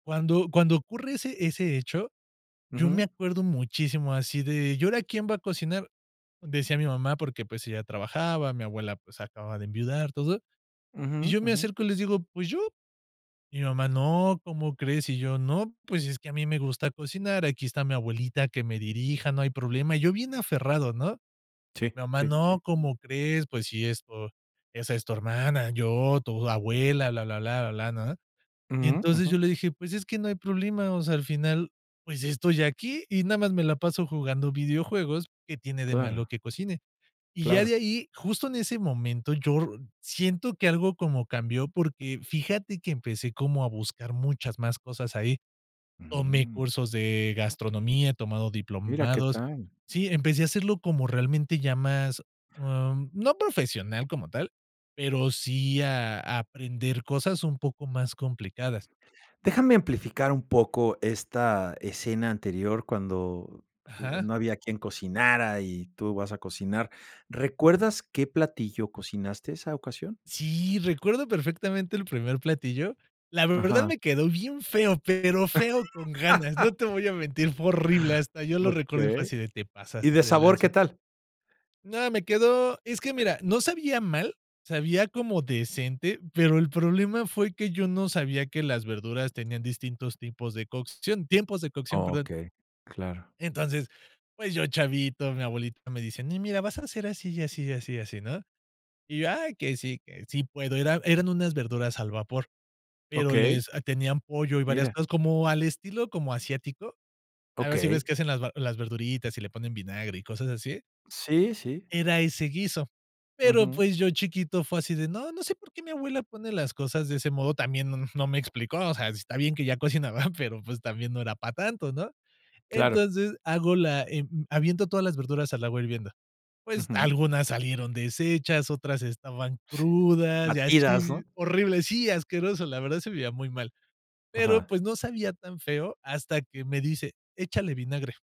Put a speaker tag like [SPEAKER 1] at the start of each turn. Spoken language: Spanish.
[SPEAKER 1] Cuando cuando ocurre ese ese hecho, yo me
[SPEAKER 2] Ujú.
[SPEAKER 1] acuerdo muchísimo así de: "¿Y ahora quién va a cocinar?", decía mi mamá; porque, pues ella trabajaba, mi abuela, pues, acababa de enviudar, todo, y
[SPEAKER 2] Ujú,
[SPEAKER 1] yo me
[SPEAKER 2] ujú.
[SPEAKER 1] acerco y les digo: "Pues yo". Y mi mamá: "No, ¿cómo crees?". Y yo: "No, pues, es que a mí me gusta cocinar, aquí está mi abuelita que me dirija, no hay problema", yo bien aferrado, ¿no?
[SPEAKER 2] Sí,
[SPEAKER 1] Mi mamá:
[SPEAKER 2] sí, sí.
[SPEAKER 1] "No, ¿cómo crees? Pues, si esto esa es tu hermana, yo, tu abuela, blá blá blá, blá", ¿no? Y
[SPEAKER 2] Ujú,
[SPEAKER 1] entonces yo
[SPEAKER 2] ujú.
[SPEAKER 1] le dije: "Pues es que no hay problema, o sea, al final, pues estoy aquí y nada más me la paso jugando videojuegos, ¿qué tiene de malo
[SPEAKER 2] Claro.
[SPEAKER 1] que cocine?". Y ya de
[SPEAKER 2] Claro.
[SPEAKER 1] ahí, justo en ese momento, yo r siento que algo como cambió porque fíjate que empecé como a buscar muchas más cosas ahí. Tomé
[SPEAKER 2] Mm.
[SPEAKER 1] cursos de gastronomía, he tomado
[SPEAKER 2] Mira qué
[SPEAKER 1] diplomados.
[SPEAKER 2] tal.
[SPEAKER 1] Sí, empecé a hacerlo como realmente ya más, em, no profesional como tal, pero sí, ah, a aprender cosas un poco más complicadas.
[SPEAKER 2] Déjame amplificar un poco esta escena anterior, cuando
[SPEAKER 1] Ajá.
[SPEAKER 2] no había quien cocinara y tú vas a cocinar, ¿recuerdas qué platillo cocinaste esa ocasión?
[SPEAKER 1] Sí, recuerdo perfectamente el primer platillo. La verdad
[SPEAKER 2] Ajá.
[SPEAKER 1] me quedó bien feo, pero feo con ganas, no te voy a mentir, fue horrible, hasta yo lo recuerdo y fue
[SPEAKER 2] Okey.
[SPEAKER 1] así de: "Te
[SPEAKER 2] ¿Y de
[SPEAKER 1] pasaste de
[SPEAKER 2] sabor,
[SPEAKER 1] lanza".
[SPEAKER 2] qué tal?
[SPEAKER 1] No, me quedó es que,
[SPEAKER 2] Eh
[SPEAKER 1] mira, no sabía mal, sabía como decente, pero el problema fue que yo no sabía que las verduras tenían distintos tipos de cocción tiempos de cocción, perdón.
[SPEAKER 2] Okey, claro.
[SPEAKER 1] Entonces, pues yo, chavito, mi abuelita me dice: "No, mira, vas a ser así, y así, y así, y así", ¿no? Y yo: "Ay, que sí, que sí sí puedo". Era eran unas verduras al vapor, pero
[SPEAKER 2] Okey.
[SPEAKER 1] les tenían pollo y varias
[SPEAKER 2] Mira.
[SPEAKER 1] cosas, como al estilo como asiático, a ver si ves
[SPEAKER 2] Okey.
[SPEAKER 1] que hacen las va las verduritas y le ponen vinagre y cosas así
[SPEAKER 2] Sí, sí.
[SPEAKER 1] Era ese guiso. Pero,
[SPEAKER 2] Ujú.
[SPEAKER 1] pues, yo chiquito fue así de: "No, no sé por qué mi abuela pone las cosas de ese modo", también no, mm, no me explicó, o sea, está bien que ya cocinaba, pero, pues, también no era para tanto, ¿no?
[SPEAKER 2] Claro.
[SPEAKER 1] Entonces hago la, eh, mm, aviento todas las verduras al agua hirviendo. Pues
[SPEAKER 2] Ujú.
[SPEAKER 1] algunas salieron deshechas, otras estaban
[SPEAKER 2] S
[SPEAKER 1] crudas y
[SPEAKER 2] Batidas,
[SPEAKER 1] así,
[SPEAKER 2] ¿no?
[SPEAKER 1] horribles. Sí, asqueroso, la verdad se veía muy mal, pero
[SPEAKER 2] Ajá.
[SPEAKER 1] pues no sabía tan feo hasta que me dice: "Échale vinagre".